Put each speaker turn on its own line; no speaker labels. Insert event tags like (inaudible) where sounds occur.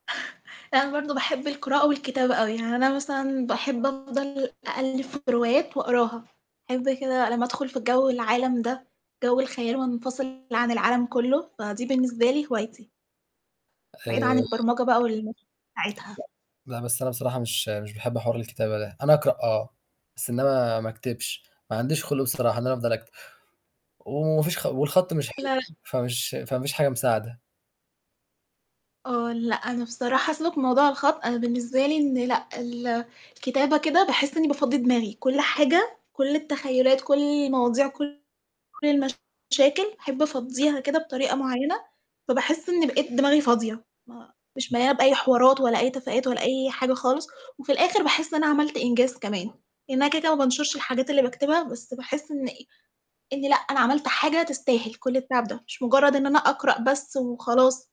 (chuckles) يعني أنا برضه باحب القراءة والكتابة أوي، يعني أنا مثلًا باحب أفضل أقلِّب في روايات وأقراها، باحب كده لمّا أدخُل في جَو العالم ده، جَو الخيال وانفصل عن العالم كُلّه، فدي بالنسبة لي هوايتي. بعيد
آآ
عن البرمجة بقى (unintelligible) بتاعتها.
لأ، ب بس أنا بصراحة مش مش باحب حوار الكتابة ده، أنا أقرأ آه، بس إنما أكتبش، ما عنديش خُلق بصراحة إن أنا أفضل أكتب، وما فيش خ والخط مش حلو،
لا، لأ.
فمش فما فيش حاجة مساعدة.
آه. لأ، أنا بصراحة سيبك من موضوع الخط، أنا بالنسبة لي إن لأ، ال الكتابة كده باحس إنّي بافضّي دماغي، كل حاجة، كل التخيُّلات، كل المواضيع، كل المشاكل باحب أفضّيها كده بطريقة معيّنة، فباحس إنّي بقيت دماغي فاضية، ما مش مليانة بأي حوارات ولا أي تفاهات ولا أي حاجة خالص، وفي الآخِر باحس إن أنا عملت إنجاز كمان، لإن أنا كده، كده ما بانشُرش الحاجات اللي باكتبها، بس باحس إن إن لأ، أنا عملت حاجة تستاهل كل التعب ده، مش مُجرّد إن أنا أقرأ بس وخلاص.